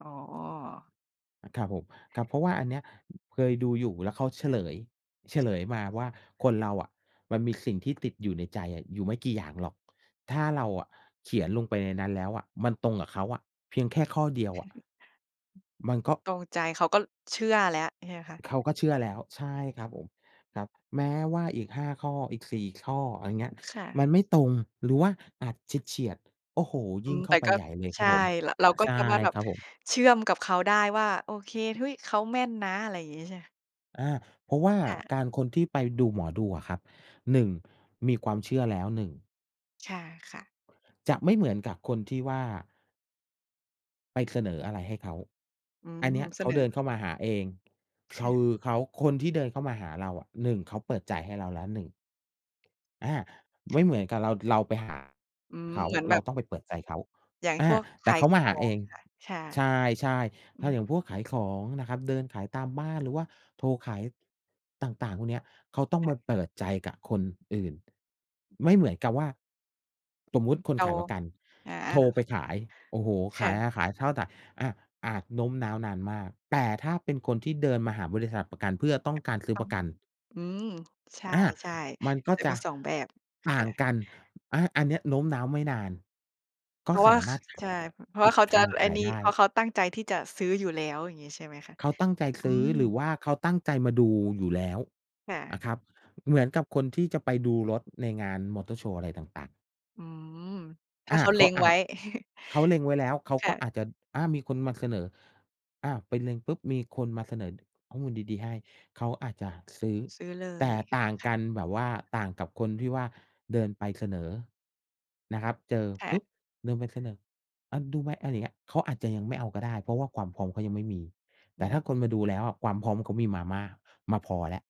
อ๋อ อา ครับผม ครับ เพราะว่าอันเนี้ย เคยดูอยู่ แล้วเขาเฉลย เฉลยมาว่าคนเราอะมันมีสิ่งที่ติดอยู่ในใจอะอยู่ไม่กี่อย่างหรอก ถ้าเราอะเขียนลงไปในนั้นแล้วอะ มันตรงกับเขาอะเพียงแค่ข้อเดียวอะ มันก็ ตรงใจ ขาก็เชื่อแล้ว ใช่ไหมคะ? เขาก็เชื่อแล้ว ใช่ครับผม ครับ แม้ว่าอีก 5 ข้อ อีก 4 ข้อ อะไรเงี้ย ค่ะ มันไม่ตรง หรือว่าอาจเฉียด ๆ โอ้โฮ! ยอิื่งม เข้แตา่ไปก็ ใหญ่เลยใครชับ่ ผม ร เรอ าก็ใช่จะมาแบคบรับผม เชื่อมกับเขาได้ว่า โอเค เฮ้ย! เขาแม่นนะ อะไรอย่างงี้ใช่ไหม? อา เพราะว่าค่ะ การ คนที่ไปดูหมอดูอะครับ 1 มีความเชื่อแล้ว 1 ใช่ค่ะ จะไม่เหมือนกับคนที่ว่า ไปเสนออะไรให้เขา อือม ันเนี้ย เสเขานเดิอ นเข้ามาหาเอง ใชคื่ อเขา คนที่เดินเข้ามาหาเราอะ 1เขาเปิดจ่ายให้เราแล้ว 1 อา ไม่เหมือนกับเรา เราไปหา อืม เขา เหมือนแเบราบ ต้องไปเปิดใจเขา อย่างอพา วกขแต่าเขยาขมาหอาเองไหมง คะ? ใช่ ใช่ อๆ ืถ้าม อย่างพวกขายของนะครับ เดินขายตามบ้าน หรือว่าโทรขาย ต่าง ๆ พวกเนี้ย เขาต้องค่มะ าเปิดใจกับคนอื่น ไม่เหมือนกับว่า สมมุติคนเรา ขายประกันอโา ทรไปๆ ขาย โอ้โฮ! คข่าย ะ อา ขายข้าว แต่ อา อาจโน้มน้าวนานมาก แต่ถ้าเป็นคนที่เดินมาหาบริษัทประกัน เพื่อต้องการซื้ตอ้อปง ระกัน อืม ใชอา ่ มันก็ๆ จะจมี ะ 2 แบบ ตค่า่งะ กัน อา อันเนี้ยโน้มน้าวไม่นาน กเ็พราะสว่าา มค ารถขาใชย ่ เพราปะว่ิาดเขากจะารไอข้ายนี่ ได้ เพราะเขาตั้งใจที่จะซื้ออยู่แล้ว อย่างงี้ใช่ไหมคะ? เขาตั้งใจซอืื้อ หรือวม ่าเขาตั้งใจมาดูอยู่แล้วค่นะ ะครับ เหมือนกับคนที่จะไปดูรถในงานมอเตอร์โชว์อะไรต่าง ๆ อืม ถ้อาเา ขาเเขล็างอไาว้ จ เขาเล็งไว้แล้ว เขาคก่็ะ อาจจะ อา มีคนมาเสนอ อา ไปเล็งปุ๊บ มีคนมาเสนอข้อมูลดี ๆ ให้ เขาอาจจะซื้อ ซื้อเลแต่ย ต่างค่กะ ันแบบว่า ต่างกับคนที่ว่าเดินไปเสนอนะครับ เจอค่ปะ ุ๊บ เดินไปเสนอ "อา ดูไหม?" อะไรอย่างเงี้ย เขาอาจจะยังไม่เอาก็ได้ เพราะว่าความพร้อมเขายังไม่มี อแตื่ถม ้าคนมาดูแล้วอะ ความพร้อมเขามีมามาก มาพอแล้ว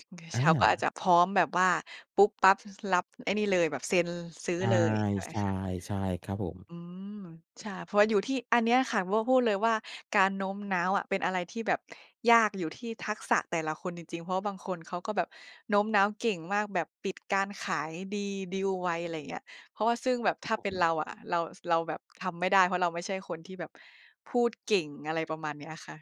อือ อเขา าก็อาจจะพร้อมแบบว่าปุ๊บปั๊บ ส รับไอ้นี่เลย แบบเซ็น ซื้อใเลย ใช่ช่ ค่ะ ๆ ใช่ครับผม อืม ใช่ เพราะว่าอยู่ ที่อันเนี้ยค่ะ ว่า พูดเลยว่าการโน้มน้าวอะเป็นอะไรที่แบบยาก อยู่ที่ทักษะแต่ละคนจริง ๆ เพราะว่าบางคนเขาก็แบบโน้มน้าวเก่งมาก แบบปิดการขายดี ดีลไว อะไรอย่างเงี้ย เพราะว่าซึ่งแบบถ้าครัเบป็ผนม เราอะ เรา ส เราแบบทำไม่ได้ เพราะเราไม่ใช่คนที่แบบพูดเก่ง อะไรประมาณเนี้ยค่ะ